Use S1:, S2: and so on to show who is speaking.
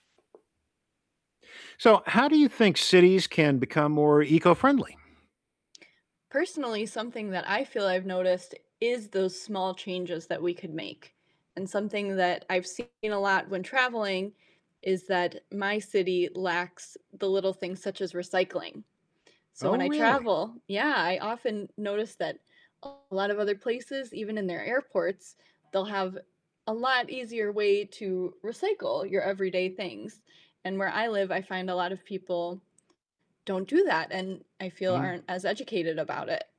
S1: So how do you think cities can become more eco-friendly?
S2: Personally, something that I feel I've noticed is those small changes that we could make, and something that I've seen a lot when traveling is that my city lacks the little things such as recycling, so
S1: Oh,
S2: when I
S1: really?
S2: travel yeah, I oftern notice that a lotta other places, even in their airports, they'll have a lot easier way to recycle your everyday things, and where I live, I find a lot of people don't do that, and I feel
S1: Mhm.
S2: aren't as educated about it.